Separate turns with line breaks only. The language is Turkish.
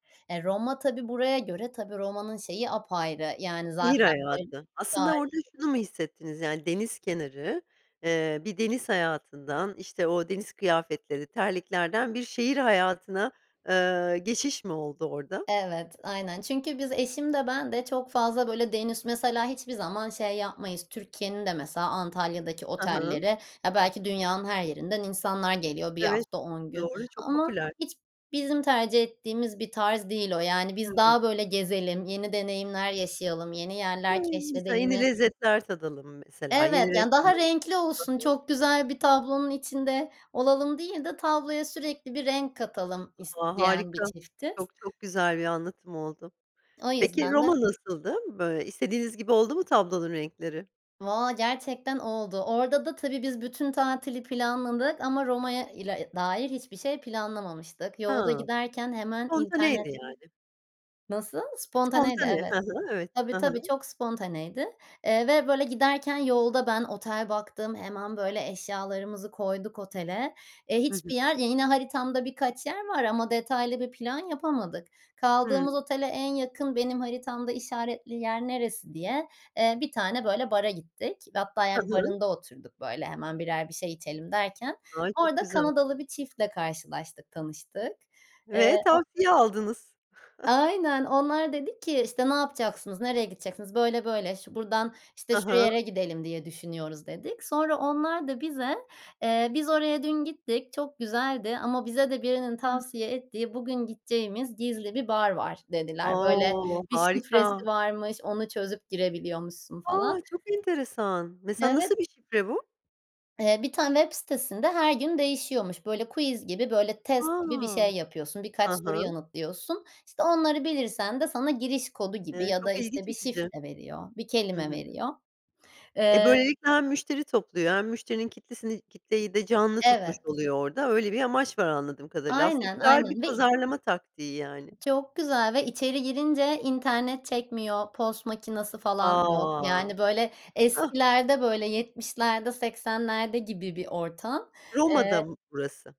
Eee, Roma, tabii, buraya göre, tabii, Roma'nın şeyi apayrı yani
Şehir
zaten, böyle, bir
hayatı. Aslında orada
tarihi
şunu mu hissettiniz yani deniz kenarı, eee, bir deniz hayatından, işte, o deniz kıyafetleri, terliklerden bir şehir hayatına, eee, geçiş mi oldu orada?
Evet, aynen. Çünkü biz eşim de ben de çok fazla, böyle, deniz mesela hiçbir zaman şey yapmayız. Türkiye'nin de mesela Antalya'daki
Hı hı.
otelleri ya belki dünyanın her yerinden insanlar geliyor 1
Evet.
hafta 10 gün
Doğru çok
ama
popüler.
hiç bizim tercih ettiğimiz bir tarz değil o yani.
Hı
Biz
hı.
daha böyle gezelim yeni deneyimler yaşayalım yeni yerler
Ay, mesela yeni
keşfedelimi
lezzetler tadalım mesela
Evet,
yeni
yani daha
restoranlar
renkli olsun
Hı hı.
çok güzel bir tablonun içinde olalım değil de tabloya sürekli bir renk katalım
A,
isteyen bir
harika,
çiftiz.
çok, çok güzel bir anlatım oldu.
O
Peki
yüzden de
Roma nasıldı? Böyle istediğiniz gibi oldu mu tablonun renkleri?
Valla gerçekten oldu. Orada da, tabii, biz bütün tatili planladık ama Roma'ya ile dair hiçbir şey planlamamıştık yolda
Ha,
giderken hemen
spontaneydi
internette
yani.
Nasıl? Spontaneydi,
Spontane,
evet,
hı hı, evet.
tabii,
Hı
tabii,
hı.
çok spontaneydi, eee, ve böyle giderken yolda ben otel baktım hemen böyle eşyalarımızı koyduk otele, eee,
Hı hı.
hiçbir yer ya yine haritamda birkaç yer var ama detaylı bir plan yapamadık.
Hımm.
Kaldığımız otele en yakın benim haritamda işaretli yer neresi diye, eee, bir tane, böyle, bara gittik hatta
Hı
yani
hı.
barında oturduk böyle hemen 1'er bir şey içelim derken
Ay, çok
orada
güzel.
Kanadalı bir çiftle karşılaştık tanıştık. Eee,
Ve
o
tavsiye aldınız.
Aynen. Onlar dedik ki, işte, "Ne yapacaksınız? Nereye gideceksiniz? Böyle böyle. Şu buradan, işte,
Hı hı.
şuraya gidelim." diye düşünüyoruz dedik. Sonra onlar da bize, eee, "Biz oraya dün gittik. Çok güzeldi ama bize de birinin
Hımm.
tavsiye ettiği bugün gideceğimiz gizli bir bar var." dediler. Böyle,
O,
bir şifresi
harika!
varmış. Onu çözüp girebiliyormuşsun falan.
A! Çok enteresan. Mesela,
Evet.
nasıl bir şifre bu?
Eee, bir tane web sitesinde her gün değişiyormuş. Böyle quiz gibi, böyle, test gibi bir
A!
şey yapıyorsun birkaç
Hı
soru
hı.
yanıtlıyorsun. İşte, onları bilirsen de sana giriş kodu gibi
Eee,
ya da,
çok ilgi
işte, bir
çekici!
şifre veriyor bir
Hı
kelime
hı.
veriyor.
E,
Eee
böylelikle hem müşteri topluyor hem müşterinin kitlesini kitleyi de canlı tutmuş
Evet.
oluyor orada. Öyle bir amaç var anladığım kadarıyla. Aslında
Aynen,
güzel bir
aynen, ve
pazarlama taktiği yani.
çok güzel ve içeri girince internet çekmiyor. Pos makinesi falan yok.
A!
Yani, böyle, eskilerde, böyle, 70'lerde 80'lerde gibi bir ortam,
Roma'da
eee
mı burası?